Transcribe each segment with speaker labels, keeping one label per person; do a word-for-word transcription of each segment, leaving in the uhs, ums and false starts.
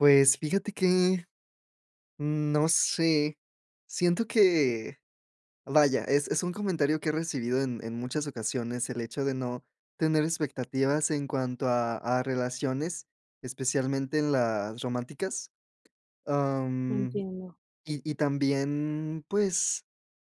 Speaker 1: Pues, fíjate que, mm, no sé, siento que, vaya, es es un comentario que he recibido en en muchas ocasiones el hecho de no tener expectativas en cuanto a a relaciones, especialmente en las románticas, ah, mm,
Speaker 2: Entiendo.
Speaker 1: y y también, pues,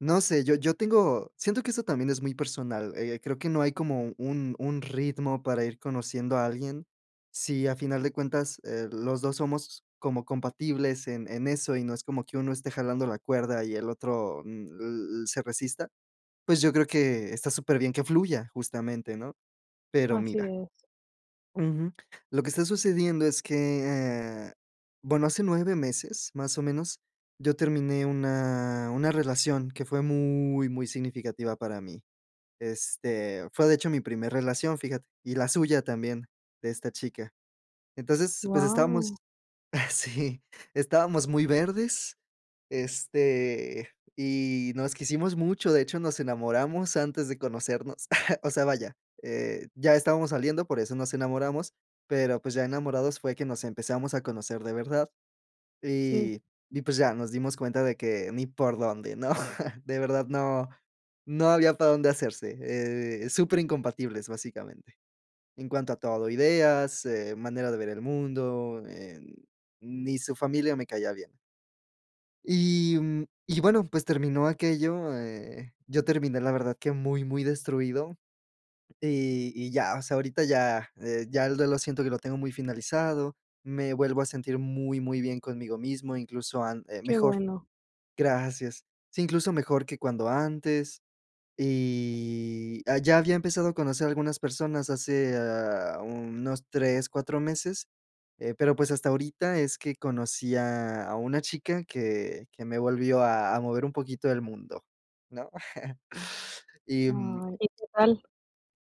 Speaker 1: no sé, yo yo tengo siento que eso también es muy personal, eh, creo que no hay como un un ritmo para ir conociendo a alguien, si a final de cuentas, eh, los dos somos como compatibles en en eso, y no es como que uno esté jalando la cuerda y el otro, mm, l l se resista, pues, yo creo que, está superbién que fluya, justamente, ¿no?, pero
Speaker 2: Así
Speaker 1: mira
Speaker 2: es.
Speaker 1: Ujú, lo que está sucediendo es que, eh, bueno, hace nueve meses, más o menos, yo terminé una una relación, que fue muy, muy significativa para mí, este, fue, de hecho, mi primer relación, fíjate, y la suya también, de esta chica, entonces, pues, estábamos,
Speaker 2: Guau.
Speaker 1: sí, estábamos muy verdes, este, y nos quisimos mucho, de hecho, nos enamoramos antes de conocernos, o sea, vaya, eh, ya estábamos saliendo, por eso nos enamoramos, pero, pues, ya enamorados fue que nos empezamos a conocer de verdad,
Speaker 2: Sí.
Speaker 1: y y pues, ya, nos dimos cuenta de que ni por dónde, ¿no?, de verdad, no no había para dónde hacerse, eh, superincompatibles, básicamente, en cuanto a todo, ideas, eh, manera de ver el mundo, eh, ni su familia me caía bien. Y, mm, y bueno, pues terminó aquello, eh, yo terminé la verdad que muy, muy destruido, y y ya, o sea, ahorita ya ya el duelo siento que lo tengo muy finalizado, me vuelvo a sentir muy, muy bien conmigo mismo, incluso an eh,
Speaker 2: Qué
Speaker 1: mejor.
Speaker 2: bueno.
Speaker 1: Gracias. Sí, incluso mejor que cuando antes, y, ah, ya había empezado a conocer algunas personas hace a unos tres, cuatro meses, eh, pero pues, hasta ahorita es que conocí a a una chica que que me volvió a a mover un poquito el mundo, ¿no?, y, mm
Speaker 2: Ay, ¿y que tal?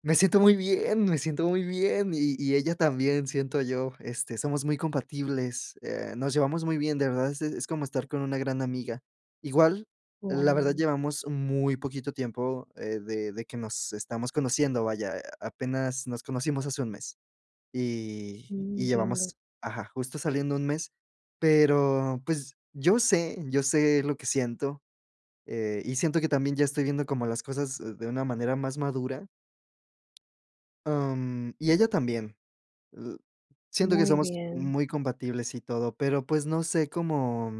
Speaker 1: me siento muy bien, me siento muy bien, y y ella también siento yo, este, somos muy compatibles, eh, nos llevamos muy bien, de verdad, es es como estar con una gran amiga, igual, la verdad
Speaker 2: Guau.
Speaker 1: llevamos muy poquito tiempo, eh, de de que nos estamos conociendo, vaya, apenas nos conocimos hace un mes, y
Speaker 2: Mm,
Speaker 1: y
Speaker 2: entiendo.
Speaker 1: llevamos, ajá, justo saliendo un mes, pero pues, yo sé yo sé lo que siento, eh, y siento que también ya estoy viendo como las cosas de una manera más madura. Mm, y ella también, l siento que
Speaker 2: Muy
Speaker 1: somos
Speaker 2: bien.
Speaker 1: muy compatibles y todo, pero, pues, no sé cómo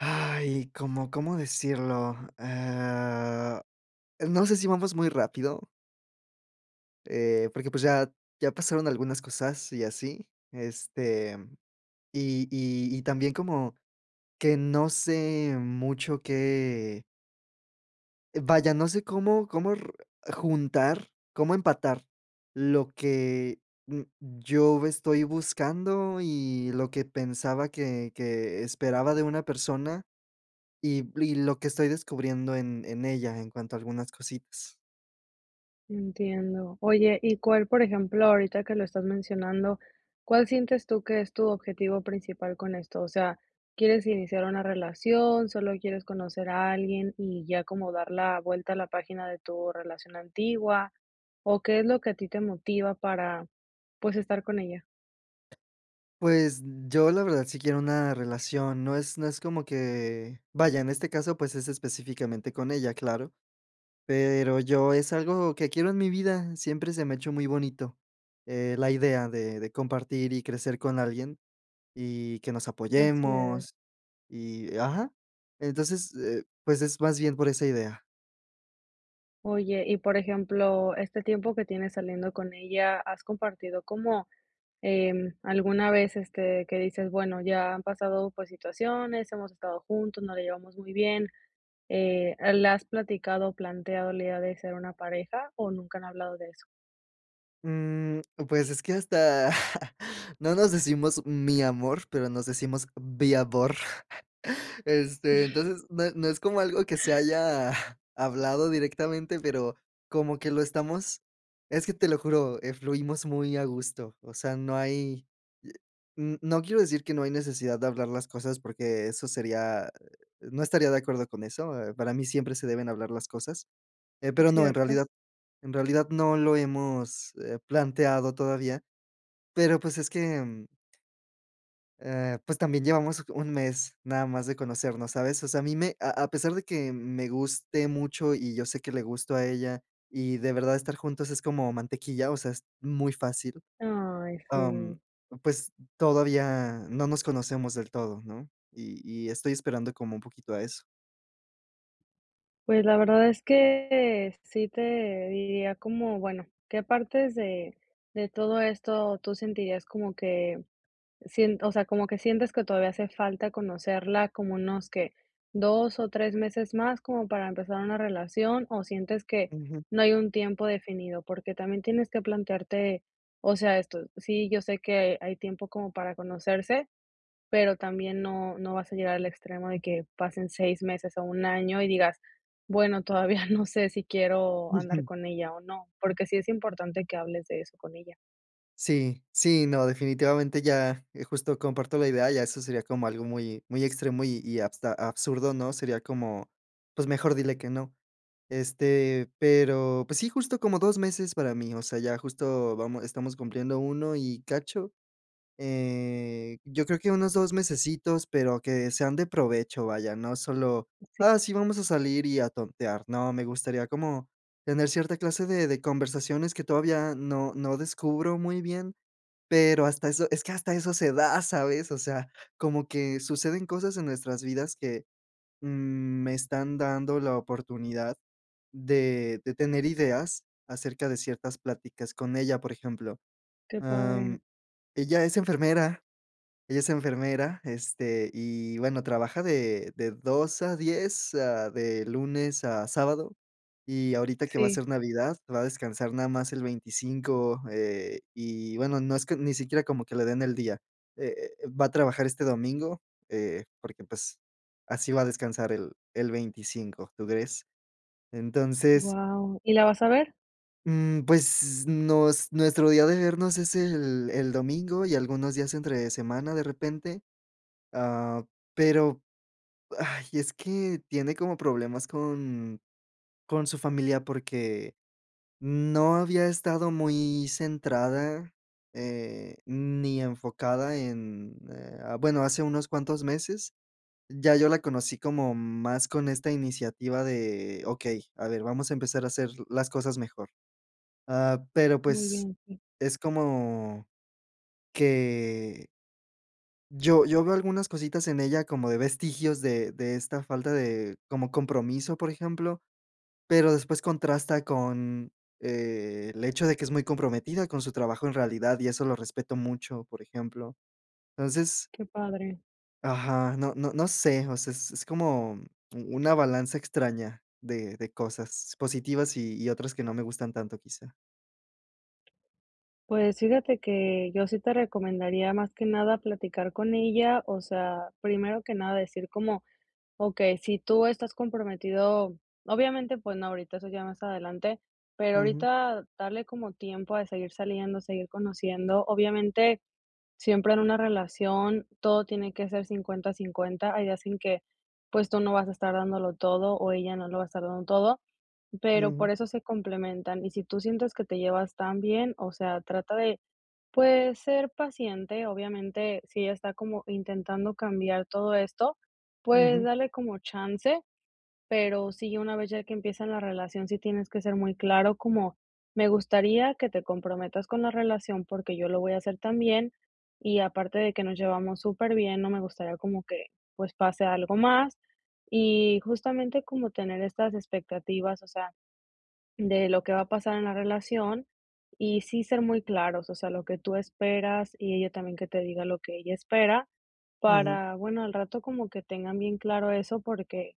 Speaker 1: Ay, ¿cómo cómo decirlo?, eh, no sé, si vamos muy rápido. Eh, porque, pues, ya ya pasaron algunas cosas y así, este, y y y también como, que no sé mucho que vaya, no sé, cómo cómo r juntar, cómo empatar, lo que n yo estoy buscando, y lo que pensaba que que esperaba de una persona, y y lo que estoy descubriendo en en ella, en cuanto a algunas cositas.
Speaker 2: Entiendo, oye, y cuál, por ejemplo, ahorita que lo estás mencionando, ¿cuál sientes tú, que es tu objetivo principal con esto? O sea, ¿quieres iniciar una relación, solo quieres conocer a alguien? Y ya, como dar la vuelta a la página de tu relación antigua, ¿o qué es lo que a ti te motiva, para, pues, estar con ella?
Speaker 1: Pues, yo la verdad sí quiero una relación, no es no es como que, vaya, en este caso, pues, es específicamente con ella claro. Pero, yo, es algo que quiero en mi vida, siempre se me ha hecho muy bonito, eh, la idea de de compartir, y crecer con alguien, y que nos
Speaker 2: Así es.
Speaker 1: apoyemos y ajá, entonces, eh, pues, es más bien por esa idea.
Speaker 2: Oye, y, por ejemplo, este tiempo que tienes saliendo con ella, has compartido, como, em, alguna vez, este, que dices: "Bueno ya han pasado por situaciones, hemos estado juntos, nos la llevamos muy bien", eh, ¿la has platicado, planteado, el día de ser una pareja, o nunca han hablado de eso?
Speaker 1: Mm, pues es que hasta no nos decimos: "Mi amor", pero nos decimos: "Viavor", este, entonces, no no es como algo que se haya hablado directamente, pero como que lo estamos es que te lo juro, eh, fluimos muy a gusto, o sea, no hay, i n no quiero decir que no hay necesidad de hablar las cosas porque eso sería no estaría de acuerdo con eso, eh, para mí siempre se deben hablar las cosas, eh, pero no, en
Speaker 2: Cierto.
Speaker 1: realidad en realidad no lo hemos, eh, planteado todavía, pero pues es que, em eh, pues también llevamos un mes nada más de conocernos, ¿sabes? O sea, a mí me a a pesar de que me guste mucho y yo sé que le gusto a ella, y de verdad estar juntos es como mantequilla, o sea, es muy fácil,
Speaker 2: Ay,
Speaker 1: mm,
Speaker 2: sí.
Speaker 1: pues todavía no nos conocemos del todo, ¿no?, y y estoy esperando como un poquito a eso.
Speaker 2: Pues, la verdad es que sí te diría como, bueno, ¿qué partes de de todo esto tú sentirías como que, sien o sea, como que sientes que todavía hace falta conocerla como unos que, dos o tres meses más como para empezar una relación o sientes que
Speaker 1: Ujú.
Speaker 2: no hay un tiempo definido? Porque también tienes que plantearte, o sea, esto, sí, yo sé que hay tiempo como para conocerse, pero también no no vas a llegar al extremo de que pasen seis meses o un año y digas: "Bueno, todavía no sé si quiero andar
Speaker 1: Ujú.
Speaker 2: con ella o no", porque sí es importante que hables de eso con ella.
Speaker 1: Sí sí, no, definitivamente ya, eh, justo comparto la idea, ya eso sería como algo muy muy extremo y y hasta absurdo, ¿no?, sería como, pues mejor dile que no, este, pero, pues sí, justo como dos meses para mí, o sea, ya justo vamos estamos cumpliendo uno y cacho, eh, yo creo que unos dos mesecitos, pero que sean de provecho, vaya, no solo,
Speaker 2: Sí.
Speaker 1: ah, sí vamos a salir y a tontear, no, me gustaría como, tener cierta clase de de conversaciones que todavía no no descubro muy bien, pero hasta eso, es que hasta eso se da, ¿sabes? O sea, como que suceden cosas en nuestras vidas que, mm, me están dando la oportunidad de de tener ideas acerca de ciertas pláticas con ella, por ejemplo,
Speaker 2: Qué
Speaker 1: em,
Speaker 2: padre.
Speaker 1: ella es enfermera ella es enfermera, este, y bueno, trabaja de de dos a diez, ah, de lunes a sábado y ahorita que va a
Speaker 2: Sí.
Speaker 1: ser Navidad va a descansar nada más el veinticinco, eh, y bueno, no es que ni siquiera como que le den el día. Eh eh, va a trabajar este domingo, eh, porque pues así va a descansar el el veinticinco, ¿tú crees? Entonces
Speaker 2: Guau, ¿y la vas a ver?
Speaker 1: mm, pues nos nuestro día de vernos es el el domingo y algunos días entre semana de repente. Ah, pero, ay, es que tiene como problemas con con su familia porque no había estado muy centrada, eh, ni enfocada en, eh, bueno hace unos cuantos meses ya yo la conocí como más con esta iniciativa de okey, a ver, vamos a empezar a hacer las cosas mejor. Ah, pero
Speaker 2: Muy
Speaker 1: pues
Speaker 2: bien, sí.
Speaker 1: es como que yo yo veo algunas cositas en ella, como de vestigios de de esta falta de como compromiso por ejemplo, pero después contrasta con el hecho de que es muy comprometida con su trabajo en realidad y eso lo respeto mucho, por ejemplo, entonces
Speaker 2: Qué padre.
Speaker 1: ajá, no no no sé, o sea, es es como u una balanza extraña de de cosas positivas y y otras que no me gustan tanto, quizá.
Speaker 2: Pues, fíjate que yo sí te recomendaría más que nada, platicar con ella, o sea, primero que nada decir como, okey, si tú estás comprometido, obviamente, pues no ahorita, eso ya más adelante, pero,
Speaker 1: Ujú.
Speaker 2: ahorita darle como tiempo de seguir saliendo, seguir conociendo, obviamente, siempre en una relación, todo tiene que ser cincuenta cincuenta hay días en que, pues, tú no vas a estar dándolo todo, o ella no lo va a estar dando todo, pero,
Speaker 1: Ujú.
Speaker 2: por eso se complementan, y si tú sientes que te llevas tan bien, o sea, trata de, pues, ser paciente, obviamente, si ella está como intentando cambiar todo esto, pues,
Speaker 1: Ujú.
Speaker 2: dale como chance, pero sí, una vez ya que empiecen la relación, sí tienes que ser muy claro, como: "Me gustaría, que te comprometas con la relación, porque, yo lo voy a hacer también, y aparte de que nos llevamos súper bien, no me gustaría como que, pues, pase algo más", y justamente como tener estas expectativas, o sea, de lo que va a pasar en la relación, y sí ser muy claros, o sea, lo que tú esperas, y ella también que te diga lo que ella espera
Speaker 1: Ujú.
Speaker 2: para, bueno, al rato como que tengan bien claro eso, porque,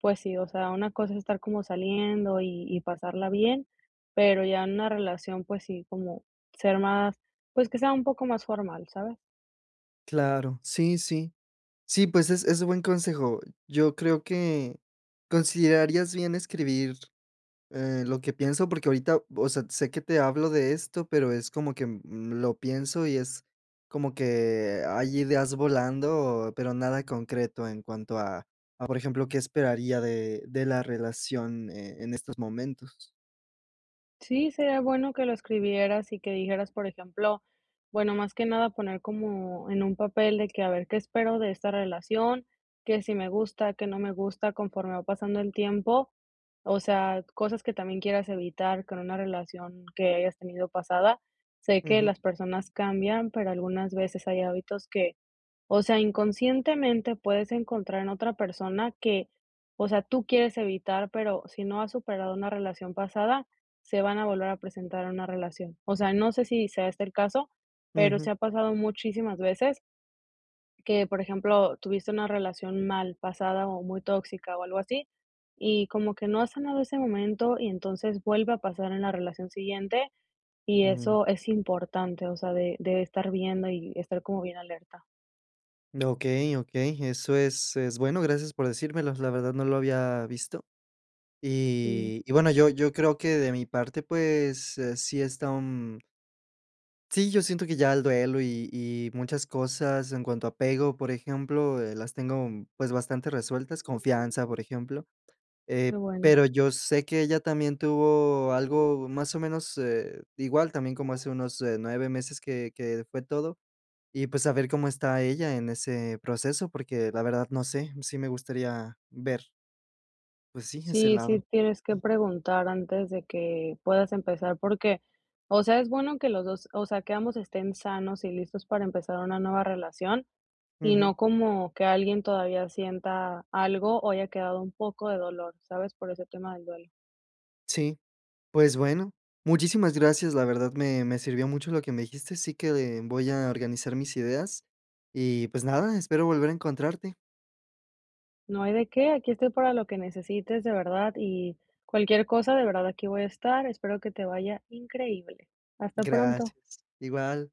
Speaker 2: pues sí, o sea, una cosa es estar como saliendo, y y pasarla bien, pero, ya en una relación, pues sí, como ser más, pues, que sea un poco más formal, ¿sabes?
Speaker 1: Claro. Sí, sí. Sí, pues, es es un buen consejo. Yo creo que considerarías bien escribir, eh, lo que pienso porque ahorita, vo o sea, sé que te hablo de esto, pero es como que, mm, lo pienso y es como que hay ideas volando, pero nada concreto en cuanto a a, por ejemplo, qué esperaría de de la relación, eh, en estos momentos.
Speaker 2: Sí, sería bueno que lo escribieras y que dijeras, por ejemplo bueno, más que nada poner como en un papel de que a ver qué espero de esta relación, qué sí me gusta, qué no me gusta conforme va pasando el tiempo, o sea, cosas que también quieras evitar con una relación que hayas tenido pasada. Sé que
Speaker 1: Ujú.
Speaker 2: las personas cambian, pero algunas veces hay hábitos que, o sea, inconscientemente puedes encontrar en otra persona que, o sea, tú quieres evitar, pero si no has superado una relación pasada, se van a volver a presentar en una relación. O sea, no sé si sea este el caso, pero sí
Speaker 1: Ujú.
Speaker 2: ha pasado muchísimas veces que, por ejemplo, tuviste una relación mal pasada o muy tóxica o algo así y como que no has sanado ese momento y entonces vuelve a pasar en la relación siguiente, y
Speaker 1: Ujú.
Speaker 2: eso es importante, o sea, de de estar viendo y estar como bien alerta.
Speaker 1: Mm, okey okey, eso es es bueno, gracias por decírmelo, la verdad, no lo había visto.
Speaker 2: Sí.
Speaker 1: Y y, bueno, yo yo creo que de mi parte, pues, eh, sí está un. Sí, yo siento que ya el duelo y y muchas cosas en cuanto a apego, por ejemplo, eh, las tengo, mm, pues, bastante resueltas, confianza, por ejemplo, eh,
Speaker 2: Qué bueno.
Speaker 1: pero yo sé que ella también tuvo algo más o menos, eh, igual, también como hace unos, eh, nueve meses que que fue todo. Y, pues, saber cómo está ella en ese proceso, porque, la verdad, no sé, sí me gustaría ver. Pues sí, ese
Speaker 2: Sí,
Speaker 1: lado.
Speaker 2: sí tienes que preguntar antes de que puedas empezar porque, o sea, es bueno que los dos o sea, que ambos estén sanos y listos para empezar una nueva relación y
Speaker 1: Ujú.
Speaker 2: no como que alguien todavía sienta algo o haya quedado un poco de dolor, ¿sabes?, por ese tema del duelo.
Speaker 1: Sí. Pues bueno, muchísimas gracias. La verdad, me me sirvió mucho lo que me dijiste. Así que de mm, voy a organizar mis ideas. Y, pues, nada, espero volver a encontrarte.
Speaker 2: No hay de qué, aquí estoy para lo que necesites, de verdad, y cualquier cosa, de verdad, aquí voy a estar. Espero que te vaya increíble. Hasta pronto.
Speaker 1: Gracias, igual.